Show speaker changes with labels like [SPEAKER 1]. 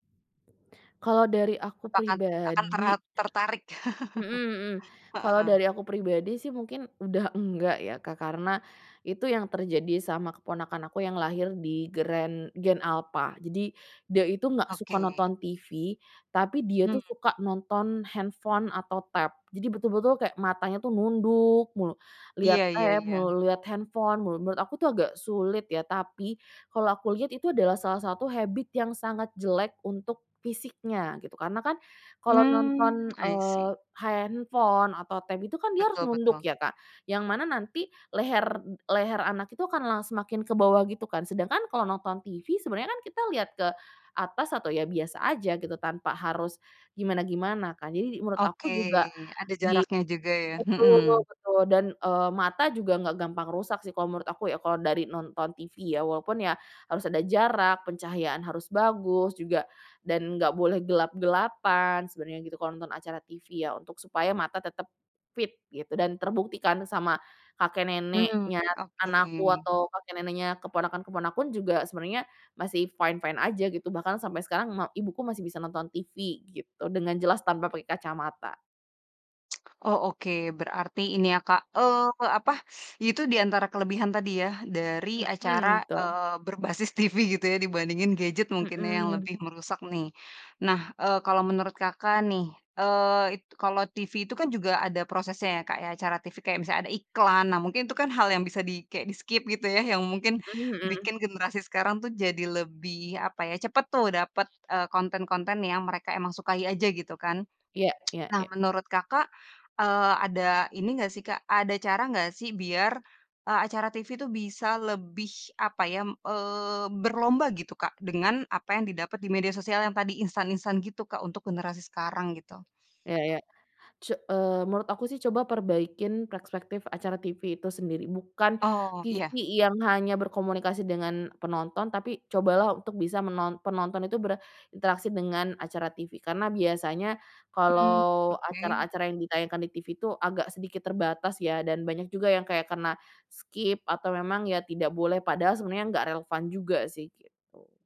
[SPEAKER 1] Kalau dari aku
[SPEAKER 2] Apakah akan tera
[SPEAKER 1] pribadi
[SPEAKER 2] tertarik?
[SPEAKER 1] Mhm mhm, kalau
[SPEAKER 2] Heeh.
[SPEAKER 1] dari aku pribadi sih mungkin udah enggak ya Kak karena, itu yang terjadi sama keponakan aku yang lahir di gren gen alpha jadi, dia itu nggak suka
[SPEAKER 2] Oke.
[SPEAKER 1] nonton TV tapi dia itu
[SPEAKER 2] Mmm.
[SPEAKER 1] suka nonton handphone atau tab, jadi betul-betul kayak matanya tuh nunduk mulu, lihat
[SPEAKER 2] Iya iya
[SPEAKER 1] tab
[SPEAKER 2] iya.
[SPEAKER 1] melulu, lihat handphone melulu, menurut aku tuh agak sulit ya tapi, kalau aku lihat itu adalah salah satu habit yang sangat jelek untuk fisiknya gitu karena kan, kalau
[SPEAKER 2] Mmm,
[SPEAKER 1] nonton,
[SPEAKER 2] i
[SPEAKER 1] eee,
[SPEAKER 2] see.
[SPEAKER 1] handphone atau tab itu kan dia harus
[SPEAKER 2] Betul
[SPEAKER 1] nunduk
[SPEAKER 2] betul.
[SPEAKER 1] ya Kak, yang mana nanti leher leher anak itu akan la semakin ke bawah gitu kan, sedangkan kalau nonton TV sebenarnya kita lihat ke atas atau ya biasa aja gitu tanpa harus, gimana-gimana kan? Jadi menurut
[SPEAKER 2] Oke,
[SPEAKER 1] aku juga
[SPEAKER 2] ada
[SPEAKER 1] dia i
[SPEAKER 2] jaraknya juga ya,
[SPEAKER 1] betul
[SPEAKER 2] mhm.
[SPEAKER 1] betul dan, eee, mata juga nggak gampang rusak sih kalau menurut aku ya kalau dari nonton TV ya, walaupun ya harus ada jarak, pencahayaan harus bagus juga, dan nggak boleh gelap-gelapan sebenarnya gitu kalau nonton acara TV ya untuk supaya mata tetep fit gitu, dan terbukti kan sama kakek
[SPEAKER 2] Mmm,
[SPEAKER 1] neneknya
[SPEAKER 2] oke.
[SPEAKER 1] anakku atau kakek neneknya keponakan-keponakan juga sebenarnya masih fine-fine aja gitu bahkan sampai sekarang ma ibuku masih bisa nonton TV gitu dengan jelas tanpa pakai kacamata.
[SPEAKER 2] Oh oke berarti ini ya Kak, eee, apa, itu diantara kelebihan tadi ya dari
[SPEAKER 1] Mhm,
[SPEAKER 2] acara,
[SPEAKER 1] betul.
[SPEAKER 2] eee, berbasis TV gitu ya dibandingin gadget mungkin ya yang
[SPEAKER 1] Mhm.
[SPEAKER 2] lebih merusak nih, nah, eee, kalau menurut Kakak nih, eee, it kalau TV itu kan juga ada prosesnya ya Kak ya, acara TV kayak misalnya ada iklan, nah mungkin itu kan hal yang bisa di kayak di-skip gitu ya yang mungkin
[SPEAKER 1] Mhm mhm.
[SPEAKER 2] bikin generasi sekarang tuh jadi lebih apa ya, cepet tuh dapet, eee, konten-konten yang mereka emang sukai aja gitu kan?
[SPEAKER 1] Ya ya
[SPEAKER 2] Nah
[SPEAKER 1] ya.
[SPEAKER 2] menurut Kakak, eee, ada ini nggak sih Kak, ada cara nggak sih biar, eee, acara TV tuh bisa lebih apa ya m eee, berlomba gitu Kak dengan apa yang didapat di media sosial yang tadi instan-instan gitu Kak untuk generasi sekarang gitu?
[SPEAKER 1] Iya ya, su eee, menurut aku sih coba perbaikin perspektif acara TV itu sendiri, bukan
[SPEAKER 2] Oh,
[SPEAKER 1] TV
[SPEAKER 2] iya.
[SPEAKER 1] yang hanya berkomunikasi dengan penonton tapi cobalah untuk bisa menon penonton itu berinteraksi dengan acara TV karena biasanya,
[SPEAKER 2] Mmm,
[SPEAKER 1] kalau
[SPEAKER 2] oke.
[SPEAKER 1] acara-acara yang ditayangkan di TV itu agak sedikit terbatas ya dan banyak juga yang kayak karena, skip atau memang ya tidak boleh, padahal sebenarnya nggak relevan juga sih gitu.